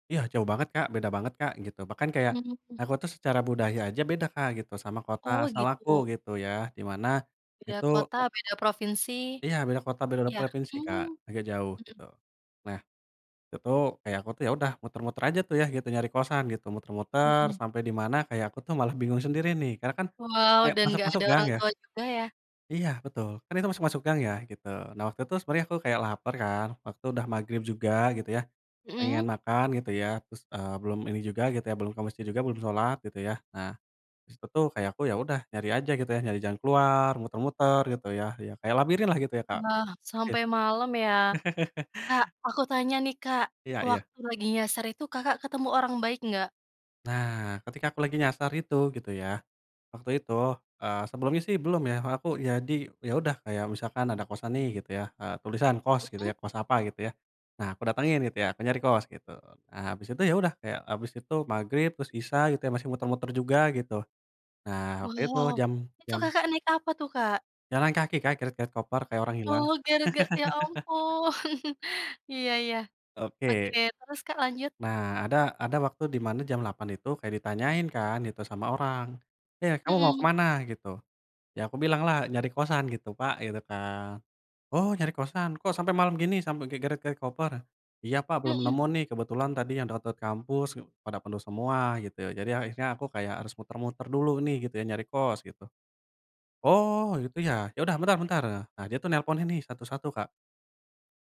Ya jauh banget, Kak, beda banget, Kak, gitu. Bahkan kayak [unintelligible] aku tuh secara budaya aja beda, Kak, gitu sama kota Oh, asal aku gitu. gitu ya di mana Beda itu kota, beda provinsi? Iya beda kota, beda Iya, provinsi, Kak, mmm, agak jauh mhm. gitu. Nah itu kayak aku tuh ya udah muter-muter aja tuh ya gitu nyari kosan gitu, muter-muter Mhm. sampai di mana kayak aku tuh malah bingung sendiri nih karena kan Wow, kayak dan enggak masuk-masuk ada gang orang ya. tua juga ya? Iya betul, kan itu masuk-masuk gang ya, gitu. Nah waktu itu sebenarnya aku kayak laper kan, waktu itu udah magrib juga gitu ya Mmm. pengen makan gitu ya, terus, eee, belum ini juga gitu ya, belum ke masjid juga, belum salat gitu ya. Nah di situ tuh kayak aku, ya udah nyari aja gitu ya, nyari jangan keluar, muter-muter gitu ya, ya kayak labirinlah gitu ya, Kak, Nah sampai [unintelligible] malam ya. Kak, aku tanya nih, Kak, Iya iya. waktu lagi nyasar itu Kakak ketemu orang baik enggak? Nah, ketika aku lagi nyasar itu gitu ya, waktu itu, eee, sebelumnya sih belum ya aku ya di ya udah kayak misalkan ada kosan nih gitu ya, eee, tulisan kost gitu Mmm. ya, kost apa gitu ya. Nah aku datengin gitu ya, aku nyari kos gitu, nah habis itu ya udah, kayak habis itu magrib terus isya gitu ya masih muter-muter juga gitu, nah waktu itu Wow. jam Itu jam Kakak naik apa tuh, Kak? Jalan kaki, Kak, geret-geret koper kayak orang hilang. Oh, gara-ga ya ampun. Iya iya. Oke. Oke terus, Kak, lanjut. Nah ada ada waktu dimana jam 8.00 itu kayak ditanyain kan itu sama orang, "Eh, kamu mau ke Mhm. mana?" gitu. Ya aku bilanglah, "Nyari kosan gitu, Pak," gitu kan. "Oh, nyari kosan kok sampai malam gini sampai kayak geret-geret koper?" "Iya, Pak, belum Mhm. nemu nih kebetulan tadi yang deket-deket kampus pada penuh semua gitu. Jadi akhirnya aku kayak harus muter-muter dulu nih gitu ya nyari kos," gitu. "Oh gitu ya, iya udah bentar bentar ya," nah dia tuh nelponin nih satu-satu, Kak.